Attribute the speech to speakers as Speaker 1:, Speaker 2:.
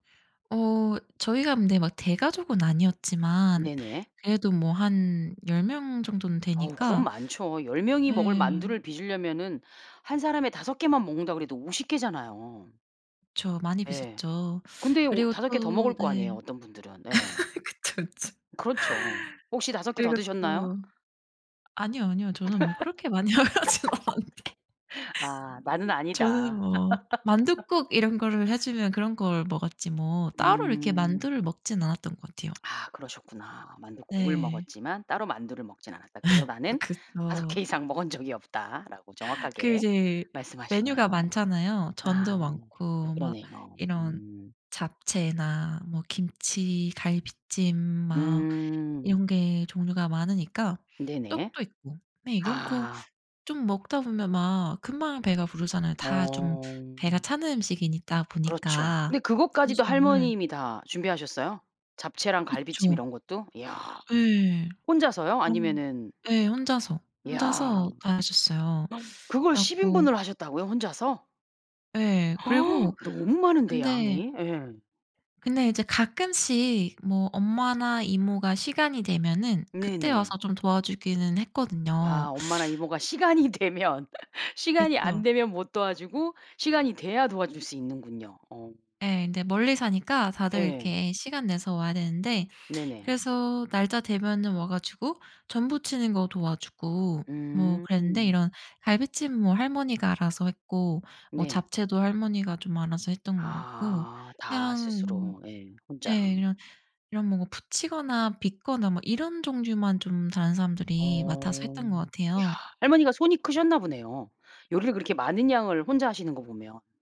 Speaker 1: 어 저희가 근데 막 대가족은 아니었지만
Speaker 2: 네네.
Speaker 1: 그래도 뭐 한 10 명 정도는
Speaker 2: 어 그럼
Speaker 1: 되니까.
Speaker 2: 많죠. 10 명이 먹을
Speaker 1: 예.
Speaker 2: 만두를 빚으려면은 한 사람에 5 개만 먹는다고 해도 50 개잖아요.
Speaker 1: 그쵸. 많이
Speaker 2: 예.
Speaker 1: 빚었죠.
Speaker 2: 근데 오
Speaker 1: 그리고
Speaker 2: 5 개 더
Speaker 1: 또
Speaker 2: 먹을 거
Speaker 1: 네.
Speaker 2: 아니에요, 어떤 분들은. 네.
Speaker 1: 그쵸, 그쵸.
Speaker 2: 그렇죠. 혹시 5 개 더
Speaker 1: 그리고
Speaker 2: 드셨나요?
Speaker 1: 또 아니요, 아니요. 저는 뭐 그렇게 많이 먹진 않았는데.
Speaker 2: 아 나는
Speaker 1: 저는
Speaker 2: 아니다.
Speaker 1: 뭐 만둣국 이런 거를 해주면 그런 걸 먹었지 뭐 따로 이렇게
Speaker 2: 음.
Speaker 1: 만두를 먹진 않았던 것 같아요.
Speaker 2: 아 그러셨구나. 만둣국을
Speaker 1: 네.
Speaker 2: 먹었지만 따로 만두를 먹진 않았다. 그래서 "나는 5
Speaker 1: 그쵸.
Speaker 2: 개 이상 먹은 적이 없다." 라고
Speaker 1: 그
Speaker 2: 정확하게
Speaker 1: 이제 메뉴가
Speaker 2: 말씀하시네요.
Speaker 1: 많잖아요.
Speaker 2: 아
Speaker 1: 전도 많고 막
Speaker 2: 그러네요.
Speaker 1: 이런
Speaker 2: 음.
Speaker 1: 잡채나 뭐 김치, 갈비찜 뭐
Speaker 2: 음.
Speaker 1: 이런 게 종류가 많으니까
Speaker 2: 네네.
Speaker 1: 떡도 있고, 네 이런 거
Speaker 2: 아.
Speaker 1: 좀 먹다 보면 막 금방 배가 부르잖아요. 다 좀 배가
Speaker 2: 어.
Speaker 1: 차는 음식이니까
Speaker 2: 그렇죠. 근데
Speaker 1: 보니까
Speaker 2: 그것까지도
Speaker 1: 탄수화물.
Speaker 2: 할머님이 다 준비하셨어요? 잡채랑 갈비찜
Speaker 1: 그쵸.
Speaker 2: 이런 것도? 야.
Speaker 1: 네.
Speaker 2: 혼자서요?
Speaker 1: 어
Speaker 2: 아니면은
Speaker 1: 네 혼자서,
Speaker 2: 야. 어
Speaker 1: 혼자서 다 하셨어요.
Speaker 2: 그걸
Speaker 1: 그래
Speaker 2: 10
Speaker 1: 갖고
Speaker 2: 인분을 하셨다고요 혼자서?
Speaker 1: 예. 그리고
Speaker 2: 너무 많은데
Speaker 1: 근데
Speaker 2: 양이. 예.
Speaker 1: 근데 이제 가끔씩 뭐 엄마나 이모가 시간이 되면은 그때
Speaker 2: 네네.
Speaker 1: 와서 좀 도와주기는 했거든요.
Speaker 2: 아 엄마랑 이모가 시간이 되면 시간이 안
Speaker 1: 그쵸.
Speaker 2: 되면 못 도와주고 시간이 돼야 도와줄 수 있는군요. 어.
Speaker 1: 네. 근데 멀리 사니까 다들
Speaker 2: 네.
Speaker 1: 이렇게 시간 내서 와야 되는데
Speaker 2: 네네.
Speaker 1: 그래서 날짜 되면은 와 가지고 전 부치는 거 도와주고 뭐 그랬는데
Speaker 2: 음.
Speaker 1: 이런 갈비찜은 할머니가 알아서 했고 뭐
Speaker 2: 네.
Speaker 1: 잡채도 할머니가 좀 알아서 했던 것 같고,
Speaker 2: 아 다
Speaker 1: 그냥
Speaker 2: 스스로. 네. 혼자.
Speaker 1: 네 이런, 이런 뭐 부치거나 빚거나 뭐 이런 종류만 좀 다른 사람들이 맡아서
Speaker 2: 어.
Speaker 1: 했던 것
Speaker 2: 야
Speaker 1: 같아요.
Speaker 2: 할머니가 손이 크셨나 보네요. 요리를 그렇게 많은 양을 혼자 하시는 거 보면.